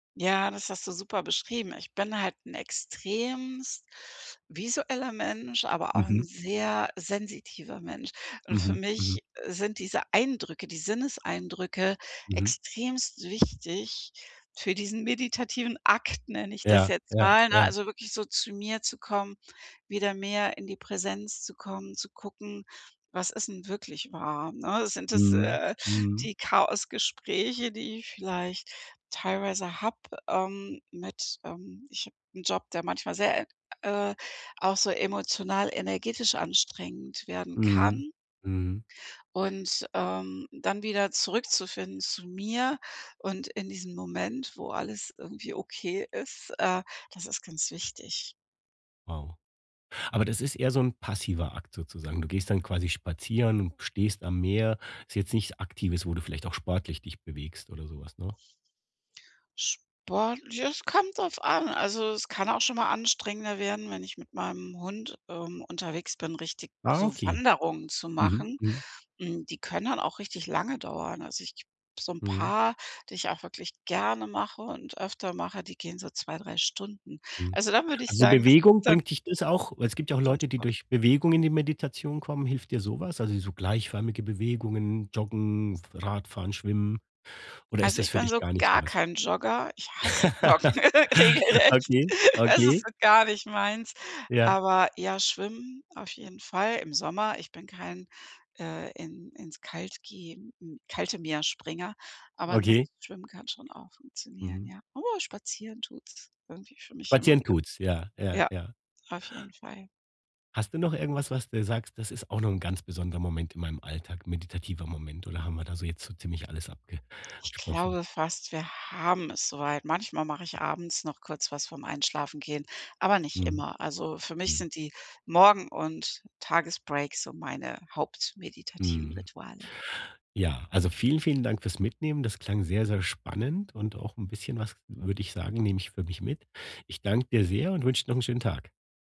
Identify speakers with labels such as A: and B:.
A: Ja, das hast du super beschrieben. Ich bin halt 'n extremst visueller Mensch, aber auch
B: Mhm.
A: 'n sehr sensitiver Mensch. Und für
B: Mhm.
A: mich,
B: Mhm.
A: äh, sind diese Eindrücke, die Sinneseindrücke
B: Mhm.
A: extremst wichtig für diesen meditativen Akt, nenne ich das
B: Ja,
A: jetzt
B: ja
A: mal, ne?
B: ja.
A: Also, wirklich so zu mir zu kommen, wieder mehr in die Präsenz zu kommen, zu gucken, was ist 'n wirklich wahr, ne? Sind das,
B: Mhm.
A: äh,
B: Mhm.
A: die Chaosgespräche, die ich vielleicht teilweise habe, ähm, mit, ähm ich habe 'n Job, der manchmal sehr, ä äh, auch so emotional energetisch anstrengend werden
B: Mhm.
A: kann.
B: Mhm.
A: Und, ähm, dann wieder zurückzufinden zu mir und in diesem Moment, wo alles irgendwie okay ist, äh, das ist ganz wichtig.
B: Wow, aber das ist eher so 'n passiver Akt sozusagen. Du gehst dann quasi spazieren, du stehst am Meer, ist jetzt nichts Aktives, wo du vielleicht auch sportlich dich bewegst oder so was, ne?
A: Sport ja es kommt drauf an. Also, es kann auch schon mal anstrengender werden, wenn ich mit meinem Hund, ähm, unterwegs bin, richtig
B: Ah,
A: so
B: okay.
A: Wanderungen zu
B: Mhm,
A: machen.
B: mhm.
A: Hm, die können dann auch richtig lange dauern. Also, ich so 'n
B: Mhm.
A: paar, die ich auch wirklich gerne mache und öfter mache, die gehen so 2, 3 Stunden.
B: Mhm.
A: Also, da würde ich
B: Also,
A: sagen, dass
B: Bewegung
A: ist dann
B: bringt dich das auch weil es gibt ja auch
A: schon
B: Leute, die
A: Sport.
B: durch Bewegung in die Meditation kommen, hilft dir so was? Also, so gleichförmige Bewegungen, Joggen, Radfahren, Schwimmen oder ist
A: Also,
B: das
A: ich
B: für
A: bin
B: dich
A: so
B: gar nicht so
A: gar
B: was?
A: kein Jogger. Ich hasse Joggen regelrecht.
B: Okay,
A: Das ist
B: okay.
A: so gar nicht meins.
B: Ja.
A: Aber ja, schwimmen auf jeden Fall im Sommer. Ich bin kein, äh, in ins Kalt geh kalte Meer Springer, aber
B: Okay.
A: ansonsten schwimmen kann schon auch funktionieren,
B: Mhm.
A: ja. Aber spazieren tut's irgendwie für mich immer
B: Spazieren
A: wieder.
B: tut's, ja, ja,
A: Ja,
B: ja.
A: auf jeden Fall.
B: Hast du noch irgendwas, was dir sagst: „Das ist auch noch 'n ganz besonderer Moment in meinem Alltag, meditativer Moment“, oder haben wir da so jetzt so ziemlich alles
A: Ich
B: abgesprochen?
A: glaube fast, wir haben es so weit. Manchmal mache ich abends noch kurz was vor 'm Einschlafen gehen, aber nicht
B: Mhm.
A: immer. Also, für mich
B: Mhm.
A: sind die Morgen und Tagesbreaks so meine hauptmeditativen
B: Mhm.
A: Rituale.
B: Ja, also, vielen, vielen Dank fürs Mitnehmen. Das klang sehr, sehr spannend und auch 'n bisschen was, würde ich sagen, nehme ich für mich mit. Ich danke dir sehr und wünsche dir noch 'n schönen Tag.